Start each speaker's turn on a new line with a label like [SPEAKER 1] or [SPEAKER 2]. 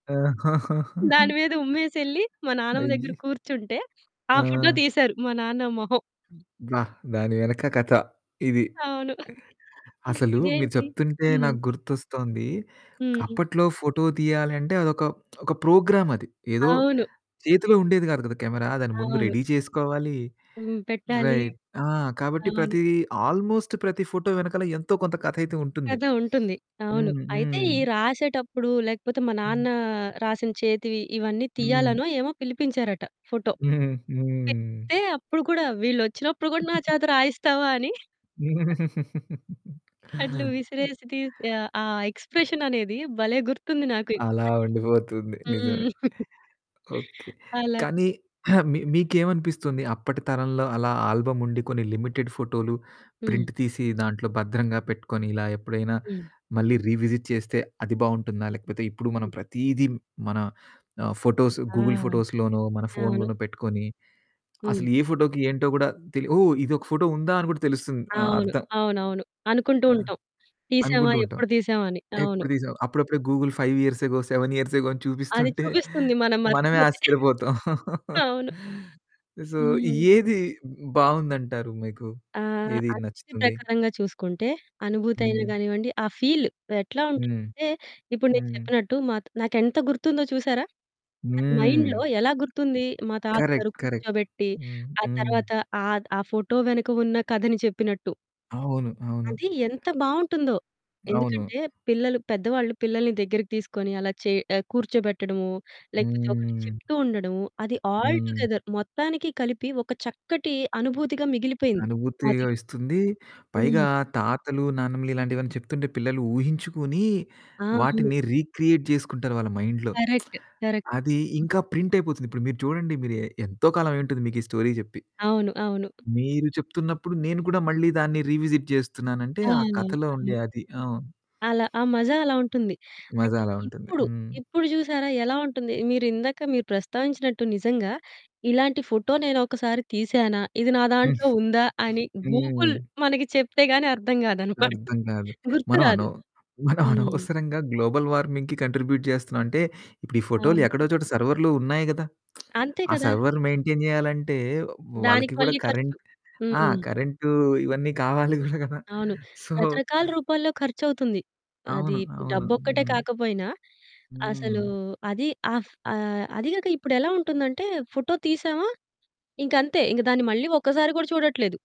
[SPEAKER 1] దాని మీద ఉమ్మేసెళ్ళి మా నాన్నమ్మ దగ్గర
[SPEAKER 2] అయ్యో!
[SPEAKER 1] కూర్చుంటే, ఆ ఫోటో
[SPEAKER 2] ఆ!
[SPEAKER 1] తీశారు మా నాన్న మొహం.
[SPEAKER 2] అబ్బా! దాని వెనక కథ ఇది.
[SPEAKER 1] అవును.
[SPEAKER 2] అసలు మీరు
[SPEAKER 1] ఇదేంటి
[SPEAKER 2] చెప్తుంటే
[SPEAKER 1] హ్మ్.
[SPEAKER 2] నాకు గుర్తొస్తోంది,
[SPEAKER 1] హ్మ్.
[SPEAKER 2] అప్పట్లో ఫోటో తీయాలంటే అదొక ఒక ప్రోగ్రామ్ అది ఏదో
[SPEAKER 1] అవును.
[SPEAKER 2] చేతిలో ఉండేది కాదు కదా! కెమెరా దాన్ని ముందు
[SPEAKER 1] అవును.
[SPEAKER 2] రెడీ చేసుకోవాలి.
[SPEAKER 1] హ్మ్. పెట్టాలి
[SPEAKER 2] రైట్ కాబట్టి
[SPEAKER 1] అవును.
[SPEAKER 2] ప్రతి ఆల్మోస్ట్ ప్రతి ఫోటో వెనకాల ఎంతో కొంత కథయితే ఉంటుంది.
[SPEAKER 1] కథ ఉంటుంది. అవును.
[SPEAKER 2] హ్మ్.
[SPEAKER 1] అయితే
[SPEAKER 2] హ్మ్.
[SPEAKER 1] ఈ రాసేటప్పుడు లేకపోతే మా
[SPEAKER 2] హ్మ్.
[SPEAKER 1] నాన్న రాసిన చేతి ఇవన్నీ
[SPEAKER 2] హ్మ్.
[SPEAKER 1] తీయాలనో ఏమో పిలిపించారట ఫోటో.
[SPEAKER 2] హ్మ్. హ్మ్.
[SPEAKER 1] చెప్తే అప్పుడు కూడా వీళ్ళొచ్చినప్పుడు కూడా నా చేత రాయిస్తావా అని అట్లా విసిరేసి తీసి ఆ ఎక్స్‌ప్రెషననేది భలే! గుర్తుంది
[SPEAKER 2] అలా
[SPEAKER 1] నాకిప్పటికి!
[SPEAKER 2] ఉండిపోతుంది. నిజమే.
[SPEAKER 1] హ్మ్.
[SPEAKER 2] ఓకే.
[SPEAKER 1] అలా.
[SPEAKER 2] కానీ మీకేమనిపిస్తుంది? అప్పటి తరంలో అలా ఆల్బమ్ ఉండి కొన్ని లిమిటెడ్ ఫోటోలు
[SPEAKER 1] హ్మ్.
[SPEAKER 2] ప్రింట్ తీసి దాంట్లో భద్రంగా పెట్టుకొని ఇలా ఎప్పుడైనా
[SPEAKER 1] హ్మ్.
[SPEAKER 2] మళ్ళీ రీవిజిట్ చేస్తే అది బాగుంటుందా? లేకపోతే ఇప్పుడు మనం
[SPEAKER 1] హ్మ్.
[SPEAKER 2] ప్రతీది మన ఆహ్, ఫోటోస్,
[SPEAKER 1] ఆ!
[SPEAKER 2] గూగుల్ ఫోటోస్‌లోనో మన
[SPEAKER 1] అవును.
[SPEAKER 2] ఫోన్‌లోనో పెట్టుకొని,
[SPEAKER 1] హ్మ్.
[SPEAKER 2] అసలు ఏ ఫోటోకి ఏంటో కూడా ఓ ఇదొక ఫోటో ఉందా? అని కూడా తెలుస్తుంది.
[SPEAKER 1] అవును.
[SPEAKER 2] అర్థం
[SPEAKER 1] అవునవును. అనుకుంటూ
[SPEAKER 2] ఆ!
[SPEAKER 1] ఉంటాం. తీసామా?
[SPEAKER 2] అనుకుంటూ ఉంటాం.
[SPEAKER 1] ఎప్పుడు తీసామా? అని. అవును.
[SPEAKER 2] ఎప్పుడు తీసావు? అప్పుడప్పుడే Google 5 years ago, 7 years ago అని
[SPEAKER 1] అది
[SPEAKER 2] చూపిస్తుంటే
[SPEAKER 1] చూపిస్తుంది మనం
[SPEAKER 2] మనమే
[SPEAKER 1] మర్చిపోతే.
[SPEAKER 2] ఆశ్చర్యపోతాం.
[SPEAKER 1] అవును.
[SPEAKER 2] సో
[SPEAKER 1] హ్మ్.
[SPEAKER 2] ఏది బాగుందంటారు మీకు?
[SPEAKER 1] ఆహ్,
[SPEAKER 2] ఏది
[SPEAKER 1] ఆ స్తితి
[SPEAKER 2] నచ్చుతుంది?
[SPEAKER 1] ప్రకారంగా చూసుకుంటే అనుభూతి అయిన
[SPEAKER 2] హ్మ్.
[SPEAKER 1] గానివ్వండి, ఆహ్, ఫీల్ ఎట్లా
[SPEAKER 2] హ్మ్.
[SPEAKER 1] ఉంటుందంటే ఇప్పుడు నేను
[SPEAKER 2] హ్మ్.
[SPEAKER 1] చెప్పినట్టు మాకు నాకెంత గుర్తుందో చూసారా? అది మైండ్‌లో
[SPEAKER 2] హ్మ్.
[SPEAKER 1] ఎలా గుర్తుంది? మా తాతగారు
[SPEAKER 2] కరెక్ట్. కరెక్ట్.
[SPEAKER 1] కూర్చోబెట్టి,
[SPEAKER 2] హ్మ్.
[SPEAKER 1] ఆ
[SPEAKER 2] హ్మ్.
[SPEAKER 1] తర్వాత ఆహ్, ఆ ఫోటో వెనక ఉన్న కథని చెప్పినట్టు
[SPEAKER 2] అవును. అవును.
[SPEAKER 1] అది ఎంత బాగుంటుందో.
[SPEAKER 2] అవును.
[SPEAKER 1] ఎందుకంటే పిల్లలు పెద్దవాళ్ళు పిల్లల్ని దగ్గరికి తీసుకొని అలా చే కూర్చోబెట్టడము, లేకపోతే ఒకటి
[SPEAKER 2] హ్మ్.
[SPEAKER 1] చెప్తూ ఉండడము. అది ఆల్
[SPEAKER 2] హ్మ్.
[SPEAKER 1] టుగెదర్ మొత్తానికి కలిపి ఒక చక్కటి అనుభూతిగా మిగిలిపోయింది
[SPEAKER 2] అనుభూతి
[SPEAKER 1] మదిలో.
[SPEAKER 2] ఇస్తుంది.
[SPEAKER 1] హ్మ్.
[SPEAKER 2] పైగా తాతలు, నాన్నమ్మలు ఇలాంటివన్నీ చెప్తుంటే పిల్లలు ఊహించుకొని
[SPEAKER 1] ఆ! అవును.
[SPEAKER 2] వాటిని రీక్రియేట్ చేసుకుంటారు వాళ్ళ మైండ్‌లో.
[SPEAKER 1] Correct, correct.
[SPEAKER 2] అది ఇంకా ప్రింటైపోతుంది. ఇప్పుడు మీరు చూడండి మీరు ఎంతో కాలమయుంటుంది మీకీ స్టోరీ చెప్పి.
[SPEAKER 1] అవును. అవును.
[SPEAKER 2] మీరు చెప్తున్నప్పుడు నేను కూడా మళ్ళి దాన్ని రీవిజిట్ చేస్తున్నానంటే
[SPEAKER 1] ఆ!
[SPEAKER 2] ఆ కథలో
[SPEAKER 1] అవును.
[SPEAKER 2] ఉండే అది అవును.
[SPEAKER 1] అలా, ఆ మజా అలా ఉంటుంది.
[SPEAKER 2] మజా
[SPEAKER 1] అయితే
[SPEAKER 2] అలా ఉంటుంది.
[SPEAKER 1] ఇప్పుడు,
[SPEAKER 2] హ్మ్.
[SPEAKER 1] ఇప్పుడు చూసారా ఎలా ఉంటుంది? మీరిందాక మీరు ప్రస్తావించినట్టు నిజంగా ఇలాంటి ఫోటో నేనొకసారి తీశానా? ఇది నా దాంట్లో ఉందా? అని గూగుల్
[SPEAKER 2] హ్మ్.
[SPEAKER 1] మనకి చెప్తే గాని అర్థం కాదన్నమాట.
[SPEAKER 2] అర్థం కాదు. మనం
[SPEAKER 1] గుర్తురాదు.
[SPEAKER 2] అనవ్ మనం
[SPEAKER 1] హ్మ్.
[SPEAKER 2] అనవసరంగా గ్లోబల్ వార్మింగ్‌కి కాంట్రిబ్యూట్ చేస్తున్నాం. అంటే ఇప్పుడు ఈ ఫోటోలు ఎక్కడో
[SPEAKER 1] అవును.
[SPEAKER 2] చోట సర్వర్‌‌లో ఉన్నాయి కదా!
[SPEAKER 1] అంతే
[SPEAKER 2] ఆ
[SPEAKER 1] కదా!
[SPEAKER 2] సర్వర్ మెయింటైన్ చేయాలంటే
[SPEAKER 1] దానికి
[SPEAKER 2] వాళ్ళకి కూడా
[SPEAKER 1] మళ్ళీ ఖర్చు.
[SPEAKER 2] కరెంట్ ఆ!
[SPEAKER 1] హ్మ్.
[SPEAKER 2] కరెంటు ఇవన్నీ కావాలి గూడా కదా!
[SPEAKER 1] అవును.
[SPEAKER 2] సో
[SPEAKER 1] రకరకాల రూపాల్లో ఖర్చవుతుంది. అది
[SPEAKER 2] అవును. అవును.
[SPEAKER 1] డబ్బొక్కటే
[SPEAKER 2] హ్మ్.
[SPEAKER 1] కాకపోయినా, అసలు
[SPEAKER 2] హ్మ్.
[SPEAKER 1] అది ఆహ్, ఆహ్, అది గాక ఇప్పుడెలా ఉంటుందంటే ఫోటో తీసామా ఇంకంతే ఇంక దాన్ని మళ్ళీ ఒక్కసారి కూడా చూడట్లేదు.